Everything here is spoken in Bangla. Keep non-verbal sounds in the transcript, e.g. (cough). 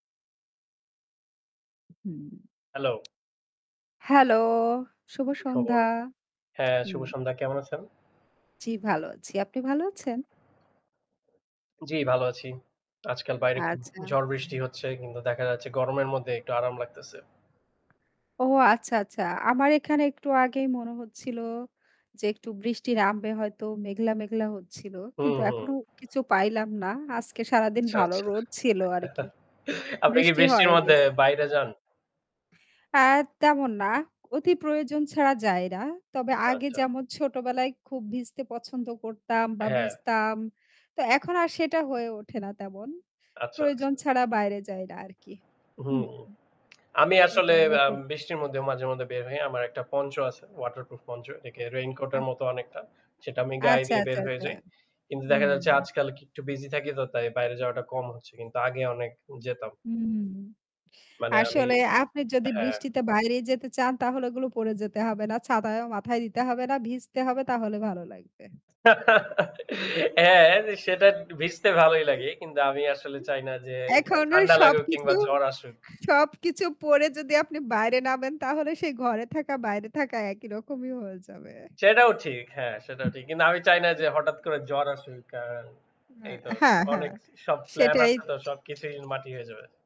হুম। হ্যালো। হ্যালো, শুভ কি খবর? সন্ধ্যা। হ্যাঁ, শুভ হুম। সন্ধ্যা কেমন আছেন? জ্বি, ভালো আছি। আপনি ভালো আছেন? জ্বি, ভালো আছি। আজকাল বাইরে খুব আচ্ছা। ঝড়-বৃষ্টি হচ্ছে। কিন্তু দেখা যাচ্ছে, গরমের মধ্যে একটু আরাম লাগতেছে। ও, আচ্ছা, আচ্ছা। আমার এখানে একটু আগেই মনে হচ্ছিলো যে, একটু বৃষ্টি নামবে হয়তো। মেঘলা, মেঘলা হচ্ছিলো। হু, কিন্তু হু। এখনো কিছু পাইলাম না। আজকে সারাদিন আচ্ছা, ভালো আচ্ছা। রোদ ছিল আরকি। (chuckles) আপনি কি বৃষ্টি বৃষ্টির হয়নি। মধ্যে বাইরে যান? আ তেমন না। অতি প্রয়োজন ছাড়া যায় না। তবে আগে, আচ্ছা। যেমন ছোটবেলায় খুব ভিজতে পছন্দ করতাম আ বা হ্যাঁ। ভিজতাম, তো এখন আর সেটা হয়ে ওঠে না তেমন। আচ্ছা, প্রয়োজন আচ্ছা। ছাড়া বাইরে যাই না, আরকি। হু, হুম। হু। আমি আসলে এটার আ বৃষ্টির মধ্যেও মাঝে মধ্যে বের হই। আমার একটা পঞ্চ আছে। ওয়াটারপ্রুফ পঞ্চ, এটাকে রেইনকোট আচ্ছা। এর মত অনেকটা। সেটা আমি গায়ে আচ্ছা, দিয়ে বের আচ্ছা, হয়ে আচ্ছা। যাই। কিন্তু দেখা যাচ্ছে হুম। আজকাল কি একটু busy থাকি, তো তাই বাইরে যাওয়াটা কম হচ্ছে। কিন্তু আগে অনেক যেতাম। হুম। মানে আমি আসলে, আপনি যদি হ্যাঁ। বৃষ্টিতে বাইরে যেতে চান, তাহলে ওগুলো পরে যেতে হবে না। ছাতায়ও মাথায় দিতে হবে না, ভিজতে হবে, তাহলে ভালো লাগবে। (laughs) হ্যাঁ, সেটা একটু ভিজতে (chuckles) ভালোই লাগে। কিন্তু আমি আসলে চাই না যে, এ এখনো ঠান্ডা লাগুক কিংবা সবকিছু জ্বর আসুক। সবকিছু পরে যদি আপনি বাইরে নামেন, তাহলে সেই ঘরে থাকা, বাইরে থাকা একই রকমই হয়ে যাবে। সেটাও ঠিক। হ্যাঁ, সেটাও ঠিক। কিন্তু আমি চাই না (chuckles) যে, হঠাৎ করে জ্বর আসুক। আ আ এই তো হ্যাঁ, হ্যাঁ। অনেক স সব প্লান সেটাই। আছে তো, সবকিছুই মাটি হয়ে যাবে।